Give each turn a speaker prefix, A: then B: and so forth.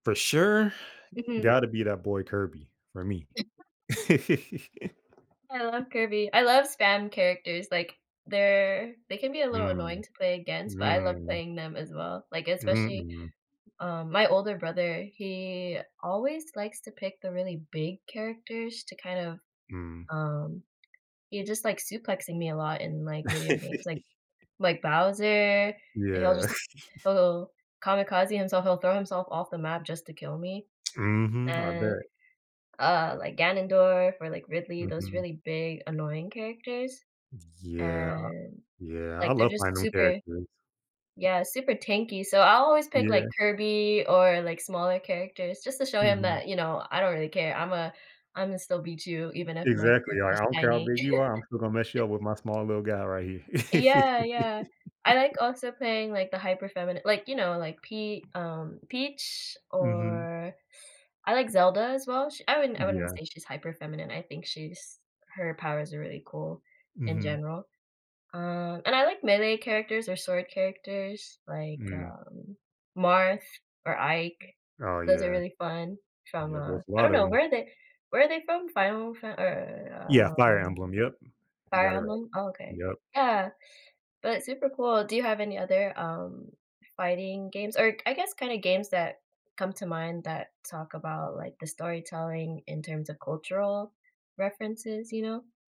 A: For sure,
B: Mhm.
A: gotta be that boy Kirby, for me.
B: I love Kirby. I love spam characters, like, they're they can be a little
A: Mm,
B: annoying to play against, but I love
A: mm.
B: playing them as well, like,
A: Mm,
B: especially,
A: mm.
B: um, my older brother, he always likes to pick the really big characters to kind of,
A: Mm.
B: um, he's just, like, suplexing me a lot in, like, video games, like like, Bowser, and he'll
A: Yeah.
B: just he'll kamikaze himself, he'll throw himself off the map just to kill me,
A: Mhm, I
B: and,
A: bet.
B: uh, like Ganendorf or, like, Ridley, those
A: Mhm.
B: really big annoying characters,
A: Yeah,
B: and,
A: yeah, I
B: like, they're
A: love
B: just
A: [unintelligible]
B: super
A: characters.
B: Yeah, super tanky, so I'll always pick, like,
A: Yeah.
B: Kirby or, like, smaller characters just to show him
A: Mhm.
B: that, you know, I don't really care. I'm a Imma still beat you, even if my
A: Exactly,
B: character
A: like,
B: is
A: I don't care how
B: tiny.
A: big you are, I'm still gonna mess you up with my small little guy right here.
B: Yeah, yeah, I like also playing, like, the hyper feminine like, you know, like Pe um, Peach
A: Mhm.
B: or I like Zelda as well. Sh I wouldn't I wouldn't
A: Yeah.
B: say she's hyper feminine. I think she's her powers are really cool in
A: Mhm.
B: general, um, and I like melee characters or sword characters like,
A: Mm.
B: um, Marth or Ike.
A: Oh
B: Those are
A: yeah.
B: really fun from,
A: Yeah,
B: uh,
A: there's a
B: I don't
A: lot of
B: know
A: 'em.
B: where are they where are they from? Final Fa
A: Yeah,
B: or
A: Fire
B: um,
A: Emblem, yep, you
B: Fire
A: got it right,
B: Emblem, oh okay.
A: yep.
B: Yeah, but super cool. Do you have any other, um, fighting games or I guess kinda games that come to mind that talk about, like, the storytelling in terms of cultural references, you know?